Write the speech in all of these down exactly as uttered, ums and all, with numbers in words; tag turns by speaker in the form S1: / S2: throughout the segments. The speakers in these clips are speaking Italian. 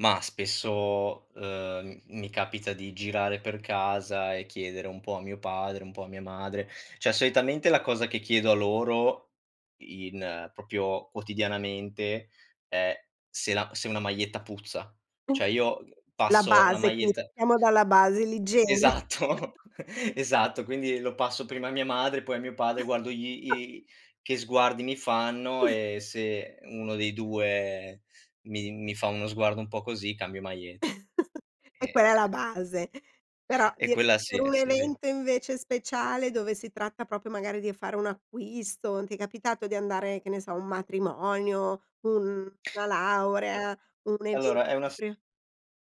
S1: Mah, spesso, ehm, m mi capita di girare per casa e chiedere un po' a mio padre, un po' a mia madre, ceh soitamente la cosa che chiedo a loro in propio quotidianamente è se la se una maglietta puzza. Cioè io
S2: La
S1: passo la
S2: base, quindi
S1: maglietta
S2: pattiamo dalla base, l'igiene.
S1: Esatto, esatto, quindi lo passo prima a mia madre, poi a mio padre, guardo gli i che sguardi mi fanno e se uno dei due mi mi fa uno sguardo un po' così cambio maglie
S2: E quella è la
S1: Ehm
S2: base, però
S1: E
S2: di
S1: quella sì,
S2: per un
S1: sì, sì.
S2: evento invece speciale, dove si tratta propio magari di e fare un acquisto, ti è capitato di andare, che ne so, a un matrimonio, un na laurea, un
S1: Allora
S2: evento
S1: è una s
S2: propri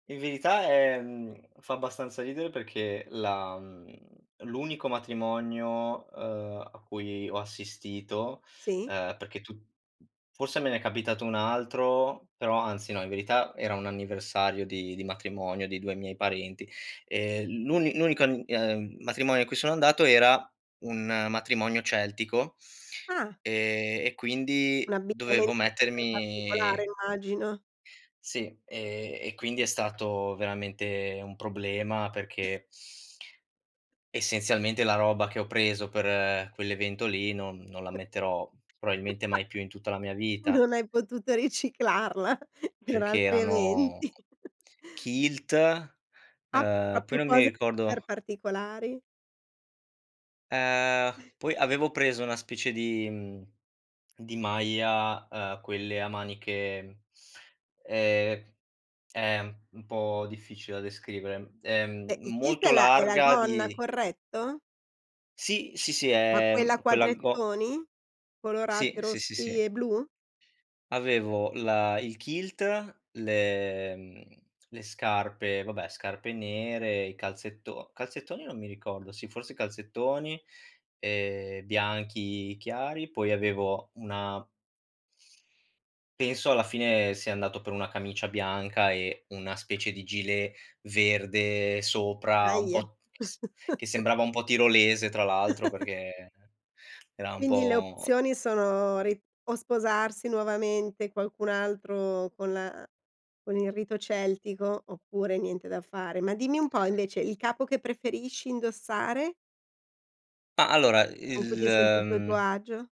S1: In verità è mhmm, fa abbastanza ridere perché la mhmm, l'unico matrimonio, ehm, a cui ho assistito,
S2: Sì.
S1: ehm, perché tu fosse me n'è capitato un altro, però, anzi no, in verità, era un anniversario di di matrimonio di due miei parenti. Ehm, l'uni n unico an ehm, matrimonio a cui sono andato era un matrimonio celtico,
S2: Ah.
S1: ehm, e
S2: Un
S1: quindi dovevo
S2: abbigliamento super particolare
S1: mettermi
S2: immagino.
S1: Sì, ehm, e quindi è stato veramente un problema perché essenzialmente la roba che ho preso per quell'evento lì non non la metterò proabilmente mai più in tutta la mia vita.
S2: Non hai potuto riciclarla per
S1: Perché
S2: altri
S1: erano
S2: eventi.
S1: kilt,
S2: Ah,
S1: ehm, poi
S2: propio
S1: non mi
S2: cose per
S1: ricordo
S2: particolari.
S1: Ehm, poi avevo preso una specie di mhmm, di maglia, ehm, quelle a maniche, mhmm, ehm, è m un po' difficile da descrivere. Ehm,
S2: Eh, il kilt è
S1: molto
S2: la è la
S1: larga
S2: gonna,
S1: di
S2: corretto?
S1: Sì, sì, sì,
S2: Ma
S1: è,
S2: quella a
S1: uhm, quella go
S2: quadrettoni?
S1: Sì.
S2: Colorate,
S1: Sì, sì,
S2: rossi
S1: sì.
S2: e blu?
S1: Avevo la il kilt, le mhmm, le scarpe, vabbè scarpe nere, i calzetto calzettoni non mi ricordo, sì forse calzettoni, ehm, bianchi chiari, poi avevo una Penso alla fine sia andato per una camicia bianca e una specie di gilet verde sopra un
S2: Daje.
S1: po' s che sembrava un po' tirolese tra l'altro, perché era un
S2: Quindi le
S1: po
S2: opzioni sono ri o sposarsi nuovamente qualcun'altro con la con il rito celtico, oppure niente da fare. Ma dimmi un po' invece, il capo che preferisci indossare?
S1: Ah, allora
S2: Con cui
S1: il,
S2: ti senti tu e tuo
S1: mhmm
S2: agio?